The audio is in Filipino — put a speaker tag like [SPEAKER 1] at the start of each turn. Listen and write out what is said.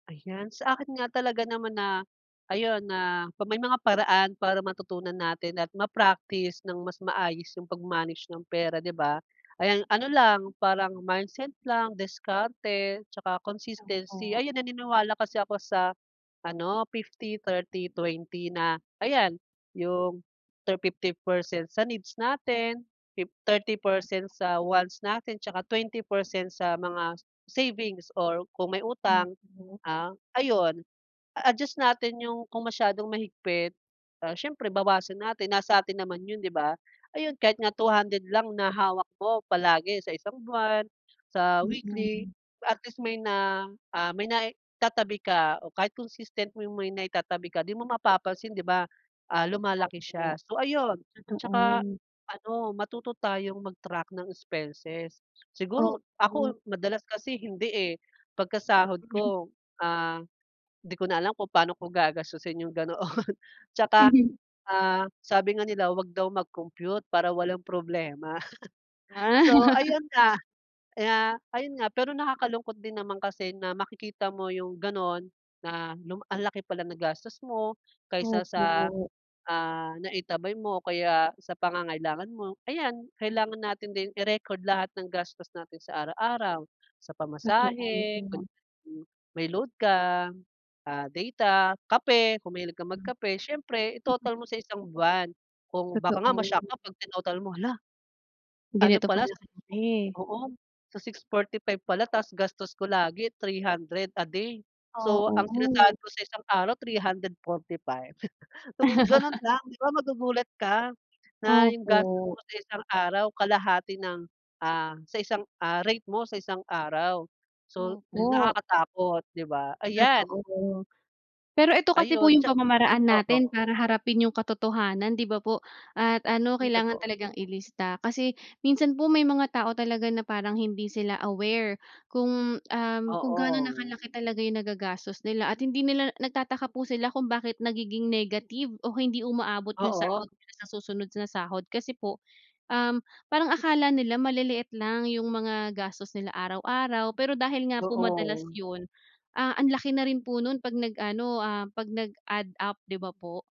[SPEAKER 1] Ayan. Sa akin nga talaga naman na ayun, na may mga paraan para matutunan natin at ma-practice nang mas maayos yung pag-manage ng pera, 'di ba? Ayan, ano lang, parang mindset lang, diskarte tsaka
[SPEAKER 2] Tama
[SPEAKER 1] consistency.
[SPEAKER 2] po.
[SPEAKER 1] Ayan, naniniwala kasi ako sa ano, 50-30-20 na ayan yung thir 50 percent sa needs natin, fifth 30 percent sa wants natin tsaka 20 percent sa mga savings or kung may utang,
[SPEAKER 2] Opo.
[SPEAKER 1] ah, ayun. A adjust natin yung kung masyadong mahigpit, ah, siyempre, bawasan natin. Nasa atin naman 'yun, 'di ba? Ayun, kahit nga 200 lang na hawak ko palagi sa isang buwan, sa weekly,
[SPEAKER 2] Mm.
[SPEAKER 1] at least may na, ah, may naitatabi ka o kahit consistent mo yung may naitatabi ka, di mo mapapansin, 'di ba, ah, lumalaki siya.
[SPEAKER 2] Opo.
[SPEAKER 1] So, ayun. Tsaka
[SPEAKER 2] Totoo.
[SPEAKER 1] a ano, matuto tayong mag-track ng expenses. Siguro
[SPEAKER 2] Opo.
[SPEAKER 1] ako, madalas kasi hindi, eh. Pagka sahod ko, ah, di ko na alam kung pa'no ko gagastusin, 'yong ganoon. Tsaka, ah, sabi nga nila, huwag daw mag-compute para walang problema.
[SPEAKER 2] Ah.
[SPEAKER 1] So, ayun nga. Ah, ayun nga, pero nakakalungkot din naman kasi na makikita mo 'yong gano'n na luma ang laki pala nagastos mo kaysa sa,
[SPEAKER 2] Opo.
[SPEAKER 1] ah, naitabi mo o kaya sa pangangailangan mo. Ayan,
[SPEAKER 2] Hmm.
[SPEAKER 1] kailangan natin din i-record lahat ng gastos natin sa araw-araw, sa
[SPEAKER 2] Totoo.
[SPEAKER 1] pamasahe, kunya mm. May load ka, ah, data, kape, kung mahilig kang
[SPEAKER 2] Mm.
[SPEAKER 1] magkape. Siyempre, i-total mo sa isang buwan kung baka nga
[SPEAKER 2] Totoo.
[SPEAKER 1] ma-shock ka 'pag tinotal mo, hala ano
[SPEAKER 2] Ganito
[SPEAKER 1] pala
[SPEAKER 2] pala
[SPEAKER 1] sa
[SPEAKER 2] kalaki.
[SPEAKER 1] oo. Sa 645 pala tapos gastos ko lagi 300 a day. So, ang sinasahod
[SPEAKER 2] Oo.
[SPEAKER 1] ko sa isang araw 345. Oh ,gano'n nga. 'Di ba magugulat ka na 'yong gastos
[SPEAKER 2] Opo.
[SPEAKER 1] mo sa isang araw kalahati ng, ah, sa isang, ah, rate mo sa isang araw. So,
[SPEAKER 2] Opo.
[SPEAKER 1] nakakatakot 'di ba? Ayan.
[SPEAKER 2] Totoo, pero eto kasi po
[SPEAKER 1] Ayun
[SPEAKER 2] yung
[SPEAKER 1] tsa
[SPEAKER 2] pamamaraan natin
[SPEAKER 1] oo.
[SPEAKER 2] para harapin yung katotohanan, 'di ba po? At ano,
[SPEAKER 1] Uy,
[SPEAKER 2] kailangan
[SPEAKER 1] totoo.
[SPEAKER 2] talagang ilista kasi minsan po, may mga tao talaga na parang hindi sila aware kung, um, kung gaano na
[SPEAKER 1] Oo.
[SPEAKER 2] kalaki talaga yung nagagastos nila at hindi nila nagtataka po sila kung bakit nagiging negative o hindi umaabot yung
[SPEAKER 1] Oo.
[SPEAKER 2] sahod nila sa susunod na sahod. Kasi po, um, parang akala nila maliliit lang yung mga gastos nila araw-araw, pero dahil nga po madalas
[SPEAKER 1] Oo.
[SPEAKER 2] yun, ah, ang laki na rin po nun 'pag nag-ano, ah, 'pag nag-add up. 'di ba po?